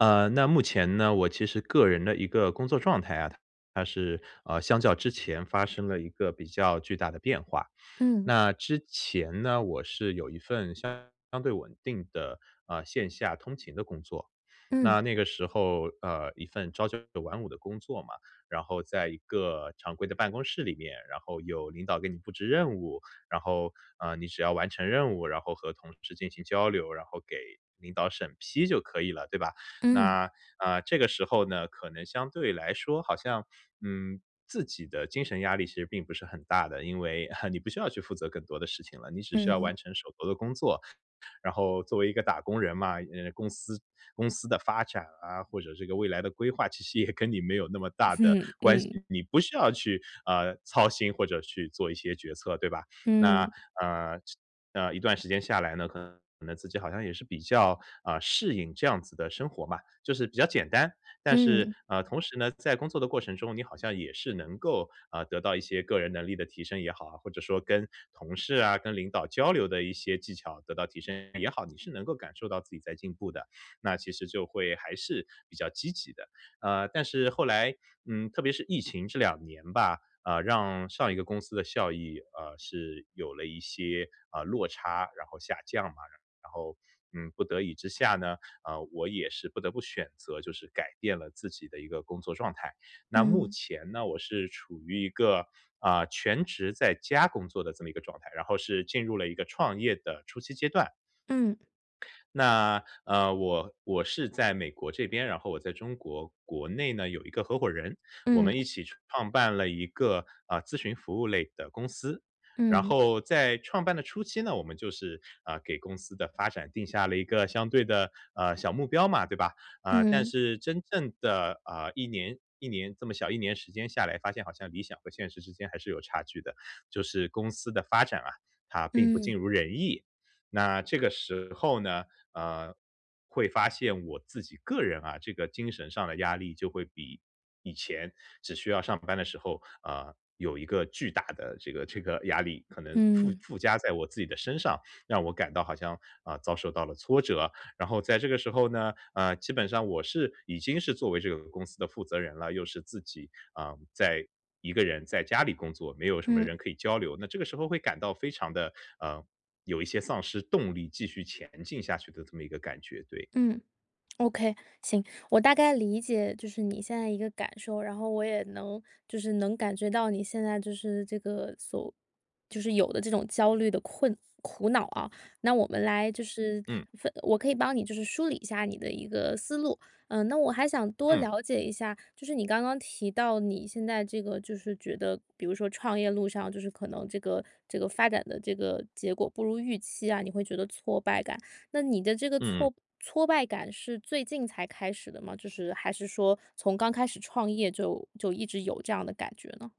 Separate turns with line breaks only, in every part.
呃，那目前呢，我其实个人的一个工作状态啊，它是，呃，相较之前发生了一个比较巨大的变化。
嗯。
那之前呢，我是有一份相对稳定的，呃线下通勤的工作。
嗯。
那那个时候，呃，一份朝九晚五的工作嘛，然后在一个常规的办公室里面，然后有领导给你布置任务，然后，呃，你只要完成任务，然后和同事进行交流，然后给领导审批就可以了，对吧？
嗯。
那，呃，这个时候呢，可能相对来说好像，嗯，自己的精神压力其实并不是很大的，因为 你不需要去负责更多的事情了，你只需要
嗯。
完成手头的工作。然后作为一个打工人嘛，呃，公司公司的发展啊，或者这个未来的规划，其实也跟你没有那么大的
嗯
关系，
嗯。
你不需要去，呃，操心或者去做一些决策，对吧？那，
嗯。
呃呃，一段时间下来呢，可能自己好像也是比较，呃，适应这样子的生活吧，就是比较简单。但是，
嗯。
呃，同时呢，在工作的过程中，你好像也是能够，啊，得到一些个人能力的提升也好，或者说跟同事啊、跟领导交流的一些技巧得到提升也好，你是能够感受到自己在进步的，那其实就会还是比较积极的。啊，但是后来，嗯，特别是疫情这两年吧，啊，让上一个公司的效益，啊，是有了一些，啊，落差，然后下降嘛，然后，嗯，不得已之下呢，啊，我也是不得不选择就是改变了自己的一个工作状态。那目
嗯。
前呢，我是处于一个，啊，全职在家工作的这么一个状态，然后是进入了一个创业的初期阶段。
嗯。
那，呃，我我是在美国这边，然后我在中国国内呢，有一个合伙人，我
嗯。
们一起创办了一个，啊，咨询服务类的公司，然
嗯。
后在创办的初期呢，我们就是，啊，给公司的发展定下了一个相对的呃，小目标嘛，对吧。啊，但
嗯。
是真正的，啊，1年1年这么小1年时间下来，发现好像理想和现实之间还是有差距的，就是公司的发展啊，它并不尽
嗯。
如人意。那这个时候呢，啊，会发现我自己个人啊，这个精神上的压力就会比以前，只需要上班的时候，啊，有一个巨大的这个这个压力，可能附
嗯。
附加在我自己的身上，让我感到好像，啊，遭受到了挫折，然后在这个时候呢，啊，基本上我是已经是作为这个公司的负责人了，又是自己，啊，在一个人在家里工作，没有什么人
嗯。
可以交流，那这个时候会感到非常的，呃，有一些丧失动力，继续前进下去的这么一个感觉，对。
嗯，OK，行。我大概理解就是你现在一个感受，然后我也能就是能感觉到你现在就是这个所就是有的这种焦虑的困苦恼啊，那我们来就是
嗯。
分我可以帮你就是梳理一下你的一个思路。呃，那我还想多
嗯。
了解一下，就是你刚刚提到你现在这个就是觉得，比如说创业路上就是可能这个这个发展的这个结果不如预期啊，你会觉得挫败感，那你的这个
嗯嗯。
挫挫败感是最近才开始的吗？就是还是说从刚开始创业就就一直有这样的感觉呢？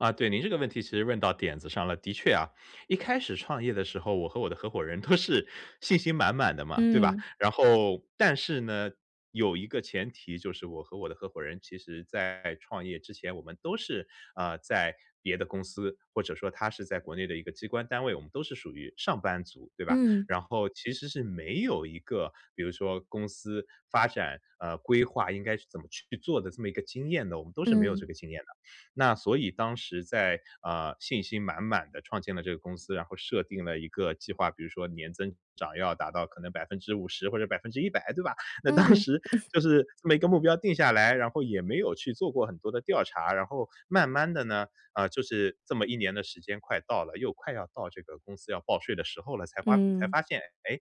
啊，对。您这个问题其实问到点子上了，的确啊，一开始创业的时候，我和我的合伙人都是信心满满的嘛，对吧？
嗯。
然后但是呢，有一个前提就是我和我的合伙人其实在创业之前，我们都是，啊，在别的公司，或者说他是在国内的一个机关单位，我们都是属于上班族，对吧？
嗯。
然后其实是没有一个，比如说公司发展呃，规划应该是怎么去做的这么一个经验的，我们都是没有这
嗯。
个经验的。那所以当时在，啊，信心满满地创建了这个公司，然后设定了一个计划，比如说年增长要达到可能50%或者100%，对吧？那当
嗯。
时 就是这么一个目标定下来，然后也没有去做过很多的调查。然后慢慢地呢，啊，就是这么一年的时间快到了，又快要到这个公司要报税的时候了才发才
嗯。
发现，哎，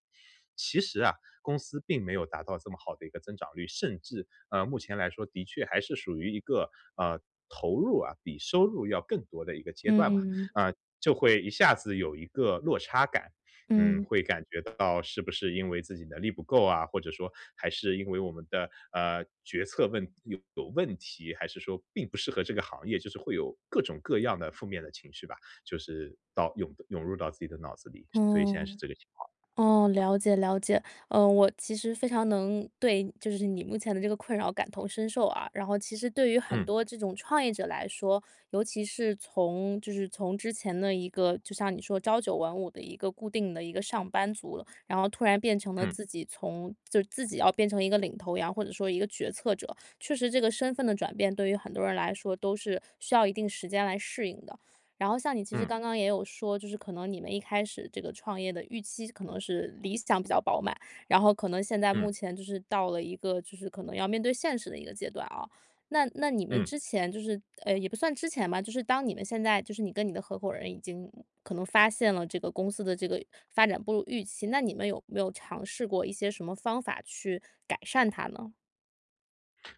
其实啊，公司并没有达到这么好的一个增长率，甚至，呃，目前来说的确还是属于一个，啊，投入啊比收入要更多的一个阶段吧。
嗯。
啊，就会一下子有一个落差感，嗯，
嗯。
会感觉到是不是因为自己能力不够啊？或者说还是因为我们的，呃，决策问有问题，还是说并不适合这个行业，就是会有各种各样的负面的情绪吧，就是到涌涌入到自己的脑子里，所以现在是
嗯，
这个情况。
哦，了解了解。呃，我其实非常能对就是你目前的这个困扰感同身受啊，然后其实对于很
嗯。
多这种创业者来说，尤其是从就是从之前的一个就像你说朝九晚五的一个固定的一个上班族，然后突然变成了
嗯。
自己从就是自己要变成一个领头羊，或者说一个决策者。确实这个身份的转变，对于很多人来说都是需要一定时间来适应的。然后像你其实
嗯。
刚刚也有说，就是可能你们一开始这个创业的预期可能是理想比较饱满，然后可能现在目
嗯。
前就是到了一个就是可能要面对现实的一个阶段啊，那那你们
嗯。
之前就是哎，也不算之前吧，就是当你们现在就是你跟你的合伙人已经可能发现了这个公司的这个发展不如预期，那你们有没有尝试过一些什么方法去改善它呢？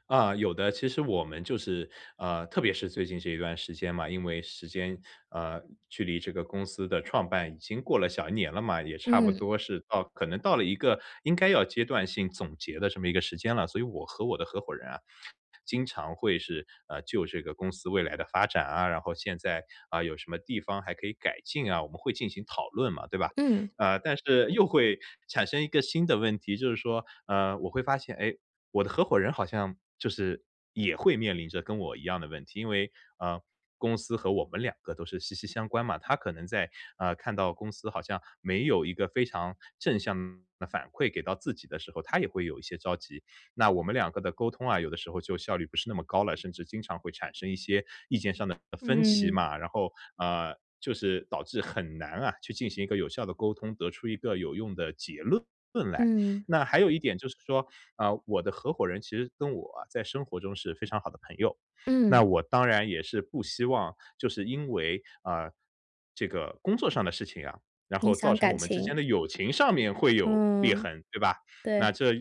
啊，有的。其实我们就是呃，特别是最近这一段时间嘛，因为时间呃，距离这个公司的创办已经过了小1年了嘛，也差不
嗯。
多是到可能到了一个，应该要阶段性总结的这么一个时间了。所以我和我的合伙人啊，经常会是，呃，就这个公司未来的发展啊，然后现在，啊，有什么地方还可以改进啊，我们会进行讨论嘛，对吧？
嗯。
呃，但是，又会产生一个新的问题，就是说，呃，我会发现，诶，我的合伙人好像，就是，也会面临着跟我一样的问题。因为，呃，公司和我们两个都是息息相关嘛。他可能在，呃，看到公司好像，没有一个非常正向的反馈给到自己的时候，他也会有一些着急。那我们两个的沟通啊，有的时候就效率不是那么高了，甚至经常会产生一些，意见上的，呃，分歧
嗯。
嘛。然后，啊，就是导致很难啊，去进行一个有效的沟通，得出一个有用的结论来。
嗯。
那还有一点就是说，啊，我的合伙人其实跟我在生活中是非常好的朋友，那
嗯。
我当然也是不希望，就是因为，啊，这个工作上的事情啊，然
影
后造
响
成我
感
们之间
情。
的友情上面会有裂
嗯，
痕，对吧？那
对。
这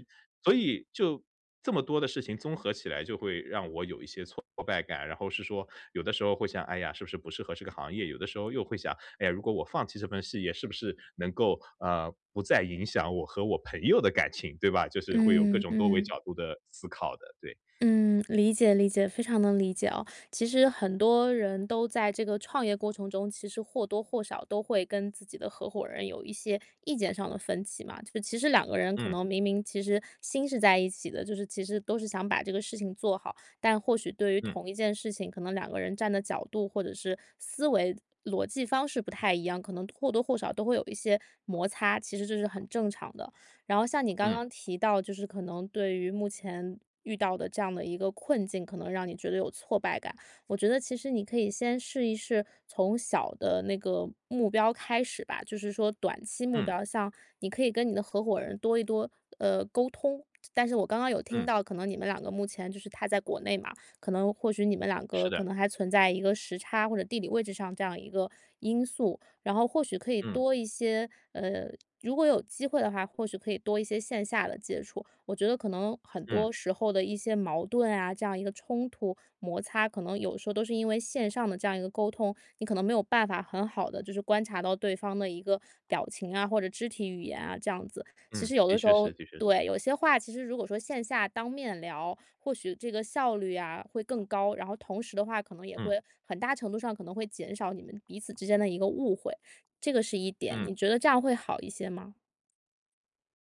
所以就这么多的事情综合起来就会让我有一些挫败感。然后是说，有的时候会想：“哎呀，是不是不适合这个行业？”有的时候又会想：“哎呀，如果我放弃这份事业，是不是，能够，呃，不再影响我和我朋友的感情？”对吧？就是会有各
嗯，
种多维
嗯。
角度的思考的，对。
嗯，理解理解，非常能理解哦。其实，很多人都在这个创业过程中，其实或多或少都会跟自己的合伙人有一些意见上的分歧嘛。就其实两个人可
嗯。
能明明其实心是在一起的，就是，其实都是想把这个事情做好。但或许对于
嗯。
同一件事情，可能两个人站的角度，或者是思维、逻辑方式不太一样，可能或多或少都会有一些摩擦，其实这是很正常的。然后像你刚
嗯。
刚提到就是可能对于目前，遇到的这样的一个困境可能让你觉得有挫败感。我觉得其实你可以先试一试，从小的那个目标开始吧。就是说短期目
嗯。
标像，你可以跟你的合伙人多一多，呃，沟通。但是我刚刚有听
嗯。
到可能你们两个目前就是他在国内嘛，可能或许你们两
是
个可
的。
能还存在一个时差或者地理位置上这样一个，因素。然后或许可以
嗯。
多一些呃，如果有机会的话，或许可以多一些线下的接触。我觉得可能很
嗯。
多时候的一些矛盾啊，这样一个冲突、摩擦，可能有的时候都是因为线上的这样一个沟通，你可能没有办法很好地就是观察到对方的一个，表情啊，或者肢体语言啊，这样子。其
嗯，
实有
的
的时
确
候
是的确是。
对，有些话其实如果说线下当面聊，或许这个效率啊会更高。然后同时的话，可能也
嗯。
会，很大程度上可能会减少你们彼此之间的一个误会。这个是一点，你
嗯。
觉得这样会好一些吗？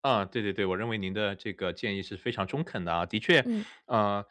啊，对对对，我认为您的这个建议是非常中肯的啊。的确，
嗯。
呃，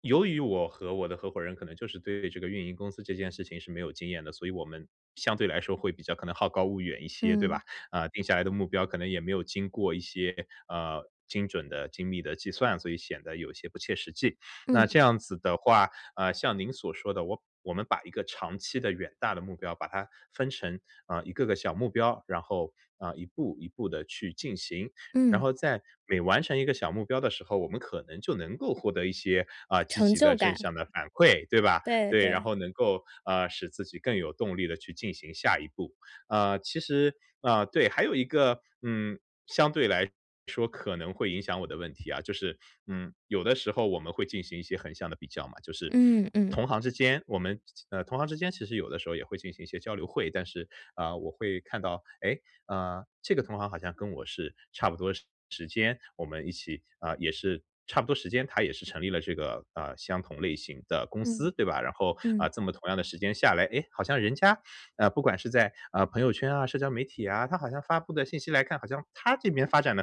由于我和我的合伙人可能就是对这个运营公司这件事情是没有经验的，所以我们相对来说会比较可能好高骛远一些，对
嗯。
吧？啊，定下来的目标可能也没有经过一些，呃，精准的、精密的计算，所以显得有些不切实际。那
嗯。
这样子的话，呃，像您所说的我我们把一个长期的、远大的目标把它分成，呃，一个个小目标，然后啊一步一步地去进行。然
嗯。
后在每完成一个小目标的时候，我们可能就能够获得一些，啊，积
成
极的、
就
正
感。
向的反馈，对吧？
对
对，然
对。
后能够，啊，使自己更有动力地去进行下一步。呃，其实呃，对，还有一个，嗯相对来说可能会影响我的问题啊，就是，嗯，有的时候我们会进行一些横向的比较嘛，就是
嗯嗯。
同行之间我们，呃同行之间其实有的时候也会进行一些交流会。但是，啊，我会看到，哎，啊，这个同行好像跟我是差不多时时间，我们一起啊，也是差不多时间，他也是成立了这个，呃，相同类型的公司，
嗯，
对吧？然后，
嗯。
啊，这么同样的时间下来，哎，好像人家，啊，不管是在，啊，朋友圈啊、社交媒体啊，他好像发布的信息来看，好像他这边发展得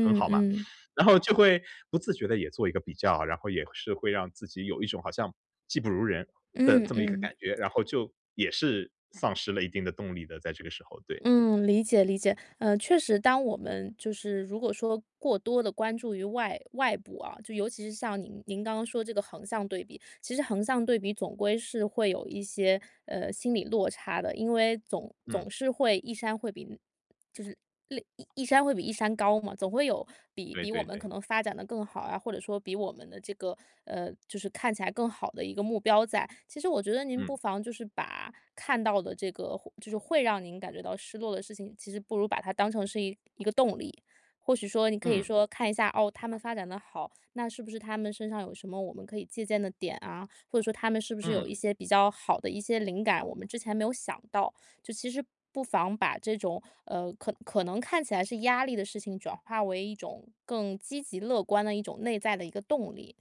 很好嘛。
嗯。
然后就会不自觉地也做一个比较，然后也是会让自己有一种好像技不如人的
嗯
这么一个
嗯。
感觉，然后就也是丧失了一定的动力的在这个时候，对。
嗯，理解理解。呃，确实当我们就是如果说过多地关注于外外部啊，就尤其是像您您刚刚说这个横向对比，其实横向对比总归是会有一些，呃，心理落差的。因为总
嗯。
总是会一山会比就是另一山会比一山高嘛，总会有比
对
比我
对
们可
对。
能发展得更好啊，或者说比我们的这个呃，就是看起来更好的一个目标在。其实我觉得您不
嗯。
妨就是把看到的这个会就是会让您感觉到失落的事情，其实不如把它当成是一一个动力。或许说你可以
嗯。
说看一下，哦，他们发展得好，那是不是他们身上有什么我们可以借鉴的点啊，或者说他们是不是有
嗯。
一些比较好的一些灵感我们之前没有想到，就其实不妨把这种，呃，可可能看起来是压力的事情转化为一种更积极乐观的一种内在的一个动力。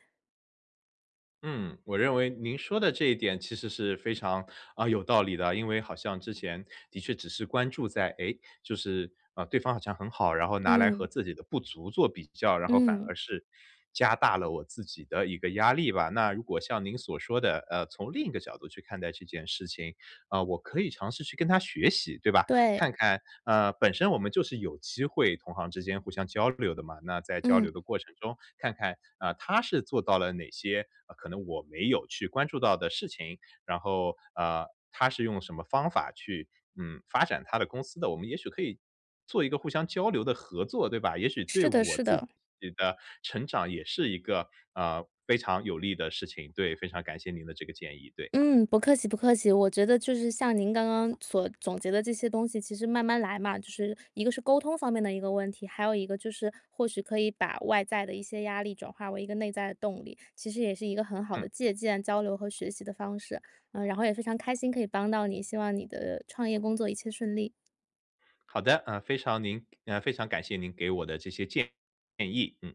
嗯，我认为您说的这一点其实是非常，啊，有道理的。因为好像之前的确只是关注在哎，就是，啊，对方好像很好，然后拿来和
嗯。
自己的不足做比较，然后反而
嗯。
是加大了我自己的一个压力吧。那如果像您所说的，呃，从另一个角度去看待这件事情，啊我可以尝试去跟他学习，对吧？
对。
看看啊，本身我们就是有机会同行之间互相交流的嘛，那在交流
嗯。
的过程中看看，啊，他是做到了哪些，啊，可能我没有去关注到的事情。然后，呃，他是用什么方法去嗯，发展他的公司的？我们也许可以做一个互相交流的合作，对吧？也许对
是的
我
是
自己
的。
的成长也是一个，呃，非常有利的事情。对，非常感谢您的这个建议，对。
嗯，不客气不客气。我觉得就是像您刚刚所总结的这些东西，其实慢慢来嘛，就是一个是沟通方面的一个问题，还有一个就是或许可以把外在的一些压力转化为一个内在的动力，其实也是一个很好
嗯。
的借鉴、交流和学习的方式。呃，然后也非常开心可以帮到你，希望你的创业工作一切顺利！
好的，啊，非常您呃，非常感谢您给我的这些建议，嗯。